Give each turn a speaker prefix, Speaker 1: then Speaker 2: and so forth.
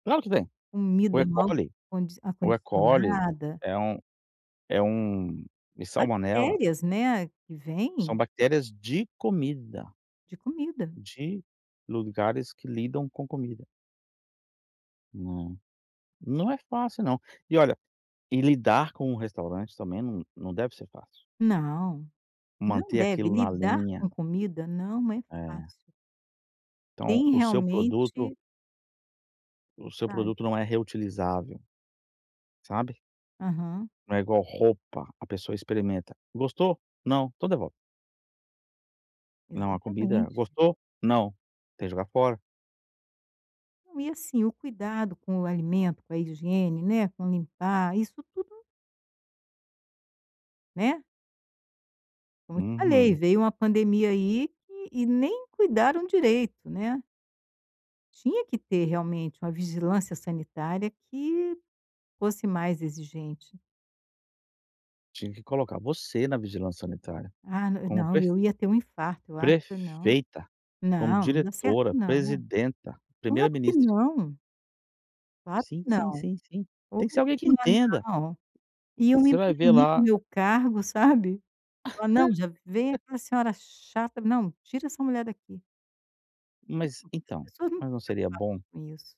Speaker 1: Claro que tem. O
Speaker 2: Comida mal
Speaker 1: Ecoli
Speaker 2: condic
Speaker 1: o Ecoli
Speaker 2: acondicionada.
Speaker 1: é um é um e salmonela
Speaker 2: Bactérias, né, que
Speaker 1: são
Speaker 2: vem
Speaker 1: bactérias de comida,
Speaker 2: de comida.
Speaker 1: de lugares que lidam com comida. Não, não é fácil não. E olha, e lidar com o restaurante também não não deve ser fácil.
Speaker 2: Não, não
Speaker 1: Manter
Speaker 2: deve
Speaker 1: aquilo na
Speaker 2: lidar
Speaker 1: linha.
Speaker 2: com comida não é
Speaker 1: É.
Speaker 2: fácil
Speaker 1: Então,
Speaker 2: tem
Speaker 1: o seu produto
Speaker 2: realmente
Speaker 1: o seu
Speaker 2: sabe.
Speaker 1: produto não é reutilizável, sabe?
Speaker 2: Aham.
Speaker 1: Não é igual roupa, a pessoa experimenta, gostou? Não, então devolve. Não, a comida,
Speaker 2: Exatamente.
Speaker 1: gostou? Não, tem que jogar fora.
Speaker 2: Não e assim, o cuidado com o alimento, com a higiene, né, com limpar, isso tudo Né? Como eu te falei,
Speaker 1: Uhum.
Speaker 2: veio uma pandemia aí que e nem cuidaram direito, né? Tinha que ter realmente uma vigilância sanitária que fosse mais exigente.
Speaker 1: Tinha que colocar você na vigilância sanitária,
Speaker 2: Ah na
Speaker 1: como
Speaker 2: não,
Speaker 1: pref
Speaker 2: eu ia ter um infarto, eu acho que não.
Speaker 1: prefeita, como
Speaker 2: Não, não dá certo
Speaker 1: diretora,
Speaker 2: não.
Speaker 1: presidenta,
Speaker 2: Claro que
Speaker 1: primeira-ministra.
Speaker 2: não. Claro
Speaker 1: Sim,
Speaker 2: que
Speaker 1: sim,
Speaker 2: não
Speaker 1: sim, sim. Tem que ser alguém que entenda.
Speaker 2: [unintelligible] Iam me
Speaker 1: Você vai ver
Speaker 2: banir do
Speaker 1: lá
Speaker 2: meu cargo sabe? Falar: "Não já vem aquela senhora chata, não, tira essa mulher daqui".
Speaker 1: Mas,
Speaker 2: As
Speaker 1: então,
Speaker 2: pessoas não
Speaker 1: mas
Speaker 2: estao
Speaker 1: não seria
Speaker 2: preocupadas
Speaker 1: bom?
Speaker 2: com isso.